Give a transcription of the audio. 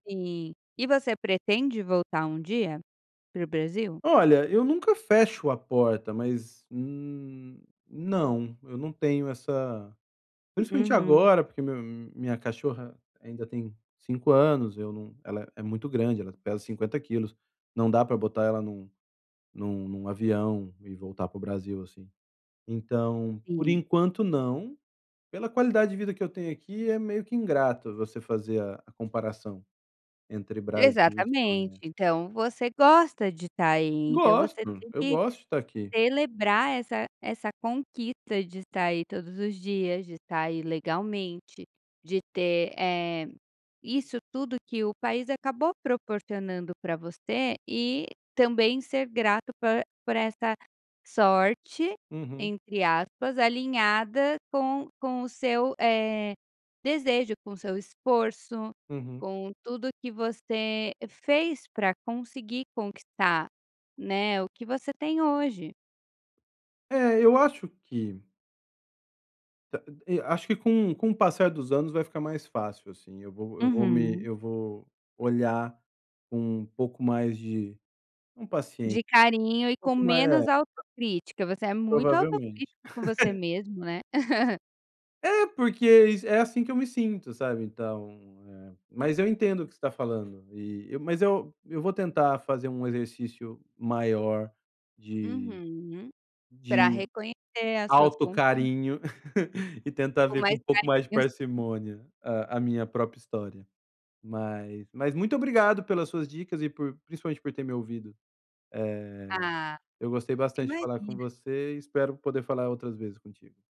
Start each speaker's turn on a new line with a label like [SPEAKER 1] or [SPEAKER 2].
[SPEAKER 1] Sim. E você pretende voltar um dia? Para o Brasil?
[SPEAKER 2] Olha, eu nunca fecho a porta. Mas, hum, não, eu não tenho essa principalmente,
[SPEAKER 1] Uhum.
[SPEAKER 2] agora porque meu minha cachorra ainda tem 5 anos, eu não ela é muito grande ela pesa 50 quilos. Não dá pra botar ela em um em um avião e voltar para o Brasil, assim. Então, por
[SPEAKER 1] Sim.
[SPEAKER 2] enquanto, não, pela qualidade de vida que eu tenho aqui é meio que ingrato você fazer a a comparação, entre Brasil e
[SPEAKER 1] Exatamente.
[SPEAKER 2] Espanha.
[SPEAKER 1] Então, você gosta de estar aí. Então, você
[SPEAKER 2] Gosto,
[SPEAKER 1] tem
[SPEAKER 2] eu
[SPEAKER 1] que
[SPEAKER 2] gosto de estar aqui.
[SPEAKER 1] celebrar essa essa conquista de estar aí todos os dias, de estar aí legalmente, de ter, eh, isso tudo que o país acabou proporcionando pra você. E também ser grato por por esta sorte,
[SPEAKER 2] Uhum.
[SPEAKER 1] entre aspas, alinhada com com o seu, eh, desejo, com o seu esforço,
[SPEAKER 2] Uhum.
[SPEAKER 1] com tudo que você fez pra conseguir conquistar, né, o que você tem hoje.
[SPEAKER 2] É, eu acho que Da e acho que com com o passar dos anos vai ficar mais fácil, assim, eu vou eu vou me
[SPEAKER 1] Uhum.
[SPEAKER 2] eu vou olhar com um pouco mais de não paciên
[SPEAKER 1] De
[SPEAKER 2] um
[SPEAKER 1] carinho e com
[SPEAKER 2] pouco ma é.
[SPEAKER 1] menos autocrítica. Você é muito
[SPEAKER 2] Provavelmente.
[SPEAKER 1] autocrítico com você mesmo, né?
[SPEAKER 2] É porque iss é, assim, que eu me sinto, sabe. Então eh, mas eu entendo o que você tá falando e eu mas eu eu vou tentar fazer um exercício maior de
[SPEAKER 1] Uhum. Pra
[SPEAKER 2] de
[SPEAKER 1] reconhecer as suas conquistas.
[SPEAKER 2] autocarinho, e tentar
[SPEAKER 1] Com
[SPEAKER 2] ver com
[SPEAKER 1] mais
[SPEAKER 2] um pouco mais de
[SPEAKER 1] carinho.
[SPEAKER 2] parcimônia a a minha própria história. Mas mas, muito obrigado pelas suas dicas e por, principalmente, por ter me ouvido. Eh,
[SPEAKER 1] Ah,
[SPEAKER 2] eu gostei bastante de falar com
[SPEAKER 1] imagina.
[SPEAKER 2] você e espero poder falar outras vezes contigo.